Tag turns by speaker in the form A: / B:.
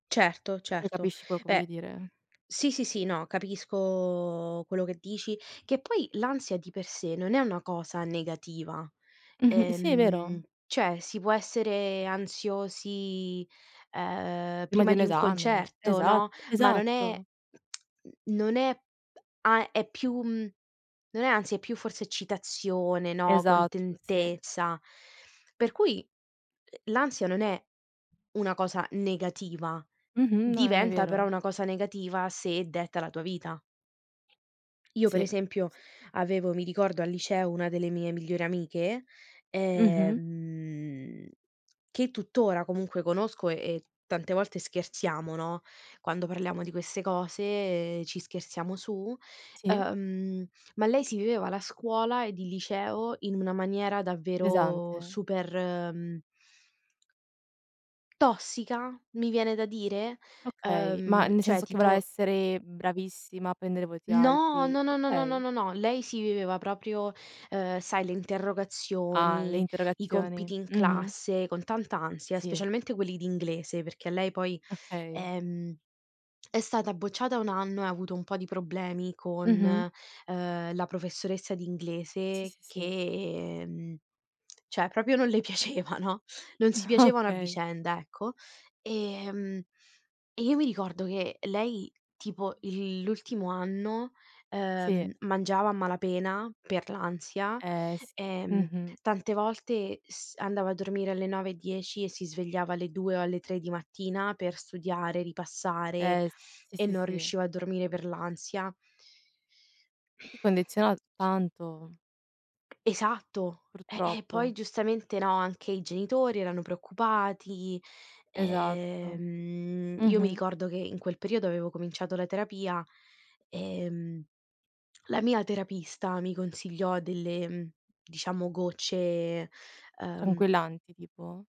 A: Certo,
B: Tu
A: certo.
B: capisci quello che voglio
A: Beh
B: dire?
A: sì, sì, sì, no. Capisco quello che dici. Che poi l'ansia di per sé non è una cosa negativa,
B: Mh-mh, si, è
A: ehm,
B: vero.
A: cioè, si può essere ansiosi, ehm,
B: Prima di
A: prima
B: un
A: di un
B: esame.
A: concerto,
B: Esat
A: no, ma non è
B: esatto.
A: non è p a è più mhmm, non è ansia è più forse eccitazione, no,
B: Esatto, sì.
A: contentezza. Per cui, uhm, l'ansia non è una cosa negativa,
B: Mh-mh, no, n è
A: diventa però
B: vero.
A: una cosa negativa se detta la tua vita. Io per
B: Sì.
A: esempio,
B: Sì.
A: avevo mi ricordo al liceo una delle mie migliori amiche,
B: Mh-mh.
A: ehm, che tutt'ora comunque conosco e tante volte scherziamo, no, quando parliamo di queste cose, ci scherziamo su,
B: Sì.
A: ehm, ma lei si viveva la scuola ed il liceo in una maniera davvero
B: Pesante.
A: super, mhmm tossica? Mi viene da dire.
B: Okay. Ma
A: Ehm,
B: nel
A: cioè
B: senso che voleva
A: tipo
B: essere bravissima a prendere voti
A: No,
B: alti?
A: no, no, no, no, no,
B: Okay.
A: no, no. Lei si viveva proprio, ehm, sai le
B: Ah, le
A: interrogazioni, i
B: interrogazioni.
A: compiti in
B: Mh-mh.
A: classe con tanta ansia,
B: Sì.
A: specialmente quelli di inglese, perché lei poi,
B: Okay.
A: ehm, è stata bocciata 1 anno e ha avuto un po' di problemi con,
B: Mh-mh.
A: ehm, la professoressa di
B: Sì,
A: inglese
B: sì, sì.
A: che mhmm, cioè proprio non le piaceva, no, non si piacevano a
B: Okay.
A: vicenda, ecco. Ehm, e io mi ricordo che lei tipo il l'ultimo anno,
B: Sì.
A: ehm, mangiava a malapena per l'ansia,
B: Eh, s
A: ehm,
B: mh-mh.
A: tante volte s andava a dormire alle 9 e 10 e si svegliava alle 2 o alle 3 di mattina per studiare, ripassare
B: Eh, s sì,
A: e
B: sì,
A: non
B: sì.
A: riusciva a dormire per l'ansia.
B: Ti condiziona tanto.
A: Esatto. Eh, e poi
B: Purtroppo.
A: giustamente, no, anche i genitori erano preoccupati,
B: Esatto.
A: ehm, io mi
B: Mh-mh.
A: ricordo che in quel periodo avevo cominciato la terapia, ehm, la mia terapista mi consigliò delle, mhmm, diciamo gocce, ehm
B: Tranquillanti tipo?